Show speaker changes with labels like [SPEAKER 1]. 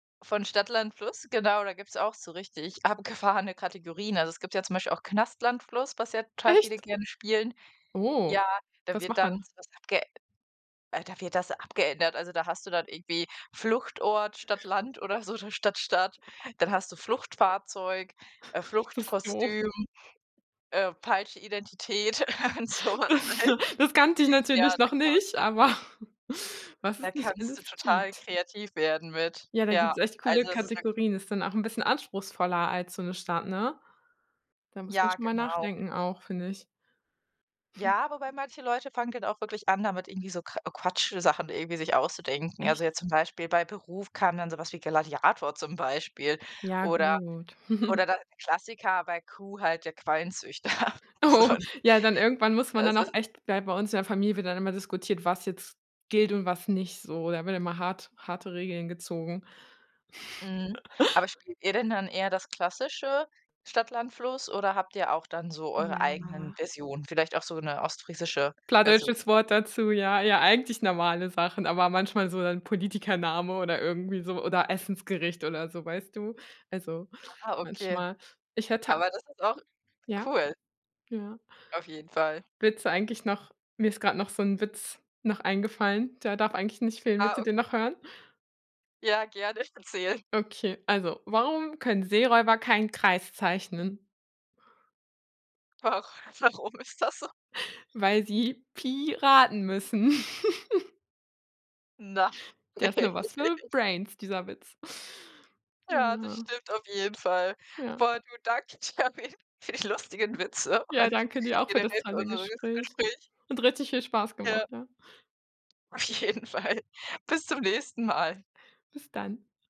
[SPEAKER 1] Von Stadt Land Fluss, genau, da gibt's auch so richtig abgefahrene Kategorien. Also, es gibt ja zum Beispiel auch Knast Land Fluss, was ja total viele
[SPEAKER 2] Echt?
[SPEAKER 1] gerne spielen.
[SPEAKER 2] Oh,
[SPEAKER 1] Ja, da
[SPEAKER 2] was
[SPEAKER 1] wird
[SPEAKER 2] macht man
[SPEAKER 1] dann
[SPEAKER 2] noch
[SPEAKER 1] so was abge äh, da wird das abgeändert. Also, da hast du dann irgendwie Fluchtort, statt Land oder so, oder statt Staat. Dann hast du Fluchtfahrzeug, äh,
[SPEAKER 2] Bist doof.
[SPEAKER 1] Fluchtkostüm, äh, falsche Identität und so was, ne?
[SPEAKER 2] Das kannte ich
[SPEAKER 1] Ja,
[SPEAKER 2] natürlich
[SPEAKER 1] da
[SPEAKER 2] noch
[SPEAKER 1] gibt es
[SPEAKER 2] nicht, aber was
[SPEAKER 1] Da
[SPEAKER 2] es nicht
[SPEAKER 1] kannst du
[SPEAKER 2] alles
[SPEAKER 1] total
[SPEAKER 2] gibt.
[SPEAKER 1] kreativ werden mit,
[SPEAKER 2] Ja, da
[SPEAKER 1] ja.
[SPEAKER 2] gibt's echt coole
[SPEAKER 1] Also, das ist wirklich
[SPEAKER 2] Kategorien. Ist dann auch 'n bisschen anspruchsvoller als so 'ne Stadt, ne? Da muss man
[SPEAKER 1] Ja,
[SPEAKER 2] schon mal
[SPEAKER 1] genau.
[SPEAKER 2] nachdenken auch, finde ich.
[SPEAKER 1] Ja, wobei manche Leute fangen dann auch wirklich an, damit irgendwie so k Quatsch Sachen irgendwie sich auszudenken. Also,
[SPEAKER 2] Echt?
[SPEAKER 1] jetzt zum Beispiel bei Beruf kam dann so was wie Gladiator zum Beispiel
[SPEAKER 2] Ja
[SPEAKER 1] oder
[SPEAKER 2] gut.
[SPEAKER 1] oder dann der Klassiker bei Q halt der Qualenzüchter, so.
[SPEAKER 2] Oh, ja dann irgendwann muss man
[SPEAKER 1] Äh,
[SPEAKER 2] dann
[SPEAKER 1] s
[SPEAKER 2] auch
[SPEAKER 1] s
[SPEAKER 2] echt bei bei uns in der Familie wird dann immer diskutiert, was jetzt gilt und was nicht, so. Da wird immer hart harte Regeln gezogen.
[SPEAKER 1] Mhm, aber spielt ihr denn dann eher das klassische Stadt Land Fluss oder habt ihr auch dann so eure eigenen
[SPEAKER 2] Ja.
[SPEAKER 1] Versionen, vielleicht auch so 'ne ostfriesische Version?
[SPEAKER 2] Plattdeutsches
[SPEAKER 1] [unintelligible]
[SPEAKER 2] Wort dazu, ja. Ja, eigentlich normale Sachen, aber manchmal so dann Politikername oder irgendwie so oder Essensgericht oder so, weißt du? Also,
[SPEAKER 1] Aha, okay.
[SPEAKER 2] manchmal ich hätte
[SPEAKER 1] Aber das ist auch
[SPEAKER 2] Ja.
[SPEAKER 1] cool
[SPEAKER 2] Ja.
[SPEAKER 1] Auf jeden Fall.
[SPEAKER 2] Witze eigentlich noch mir ist grad noch so 'n Witz noch eingefallen, der darf eigentlich nicht fehlen, willst
[SPEAKER 1] Ah,
[SPEAKER 2] du
[SPEAKER 1] okay.
[SPEAKER 2] den noch hören?
[SPEAKER 1] Ja, gerne, erzähl.
[SPEAKER 2] Okay, also: „Warum können Seeräuber keinen Kreis zeichnen?"
[SPEAKER 1] Ach, warum ist das so?
[SPEAKER 2] Weil sie Pi raten müssen.
[SPEAKER 1] Na.
[SPEAKER 2] Der ist nur was für Brains dieser Witz. Äh,
[SPEAKER 1] Ja, das
[SPEAKER 2] ja.
[SPEAKER 1] stimmt auf jeden Fall.
[SPEAKER 2] Ja.
[SPEAKER 1] Boah, du danke dir auf jeden für die lustigen Witze
[SPEAKER 2] Ja,
[SPEAKER 1] und
[SPEAKER 2] danke dir auch für das
[SPEAKER 1] generell für
[SPEAKER 2] tolle
[SPEAKER 1] unseres
[SPEAKER 2] Gespräch.
[SPEAKER 1] Gespräch.
[SPEAKER 2] Und richtig viel Spaß
[SPEAKER 1] Ja.
[SPEAKER 2] gemacht, ja.
[SPEAKER 1] Auf jeden Fall. Bis zum nächsten Mal.
[SPEAKER 2] Bis dann.